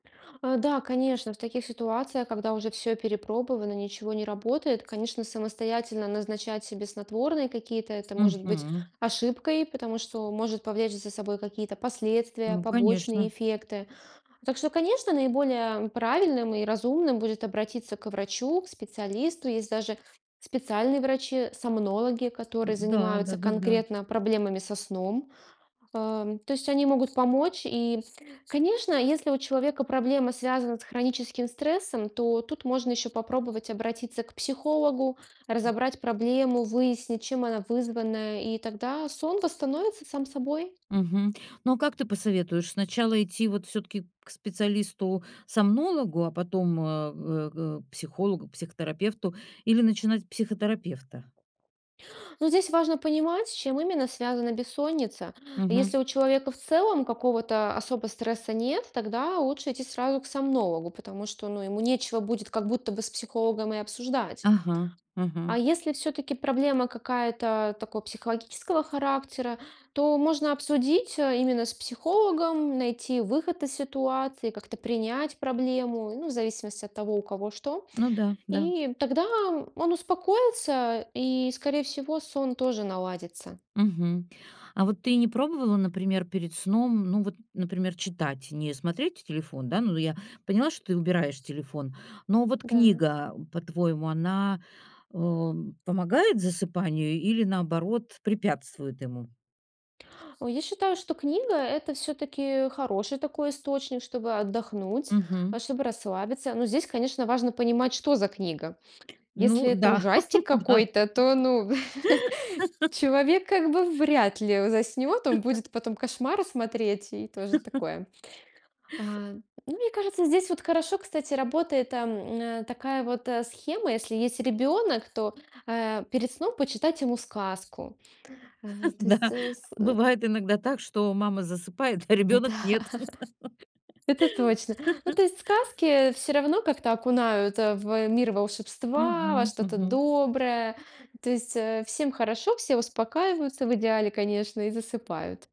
А, да, конечно, в таких ситуациях, когда уже всё перепробовано, ничего не работает, конечно, самостоятельно назначать себе снотворные какие-то- это может быть Мгм. ошибкой, потому что может повлечь за собой какие-то последствия, Ну, побочные конечно. эффекты. Так что, конечно, наиболее, м, правильным и разумным будет обратиться к врачу, к специалисту. Есть даже специальные врачи-сомнологи, которые Н-да, занимаются да-да-да. конкретно проблемами со сном. Ам, то есть они могут помочь. И, конечно, если у человека проблема связана с хроническим стрессом, то тут можно ещё попробовать обратиться к психологу, М. разобрать проблему, выяснить, чем она вызвана, и тогда сон восстановится сам собой. Мгм. Но а как ты посоветуешь, сначала идти, вот, всё-таки к специалисту-сомнологу, а потом, а, в г к психологу, к психотерапевту или начинать с психотерапевта? Ну, здесь важно понимать, с чем именно связана бессонница. Мгм. Если у человека в целом какого-то особо стресса нет, тогда лучше идти сразу к сомнологу, потому что, ну, ему нечего будет как будто бы с психологом и обсуждать. Ага, А ага. если всё-таки проблема какая-то такой психологического характера, то можно обсудить, э, именно с психологом, найти выход из ситуации, как-то принять проблему, ну, и в зависимости от того, у кого что. Ну да, да. И тогда, м, он успокоится, и, скорее всего, сон тоже наладится. Мгм. А вот ты и не пробовала, например, перед сном, ну, вот, например, читать, не смотреть телефон, да? Ну да, я поняла, что ты убираешь телефон. Но вот Да. книга, по-твоему, она, э, помогает засыпанию или, наоборот, препятствует ему? О, я считаю, что книга- это всё-таки хороший такой источник, чтобы отдохнуть, а Мгм. чтобы расслабиться. Но здесь, конечно, важно понимать, что за книга. Если Ну это да, ужастик да. какой-то, то, ну, человек как бы вряд ли у заснёт, он будет потом кошмары смотреть, и тоже такое. А, ну, мне кажется, здесь вот хорошо, кстати, работает там на такая вот, э, схема: если есть ребёнок, то, а, перед сном почитать ему сказку. А, то есть, Да, э, с э бывает иногда так, что мама засыпает, а ребёнок- Да. нет. Это точно. Ну, то есть, сказки всё равно как-то окунают, а, в, э, мир волшебства, во Мгм, что-то мгм. доброе. То есть, э, всем хорошо, все успокаиваются, в идеале, конечно, и засыпают.